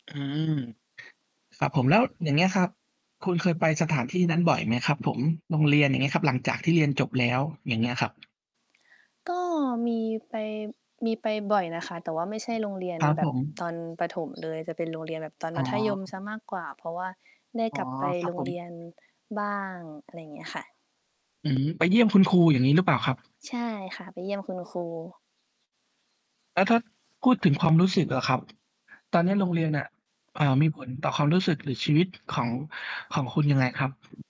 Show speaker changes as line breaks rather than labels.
อืม ครับผม แล้วอย่างเงี้ยครับ คุณเคยไปสถานที่นั้นบ่อยไหมครับผม? โรงเรียน อย่างเงี้ยครับ หลังจากที่เรียนจบแล้ว อย่างเงี้ยครับ
ก็มีไป มีไปบ่อยนะคะ แต่ว่าไม่ใช่โรงเรียน
ครับ
แบ
ผ
บต
ม
อนประถมเลย แต่เป็นโรงเรียนแบบตอน
อ๋
ม
อ
ัธยม
ครับ
เสี
ผ
ย
ม
มากกว่า เพราะว่าได้
อ๋
ก
อ
ลับไป
ครั
โร
บ
ง
ผ
เ
ม
รียนบ้าง อะไรเงี้ยค่ะ
อืม ไปเยี่ยมคุณครู อย่างงี้หรือเปล่าครับ?
ใช่ค่ะ ไปเยี่ยมคุณครู
แล้วถ้าพูดถึง ความ รู้สึกล่ะครับ ตอนเนี้ยโรงเรียนน่ะ เอ่อ มีผลต่อความรู้สึก หรือชีวิตของ ของคุณยังไงครับ?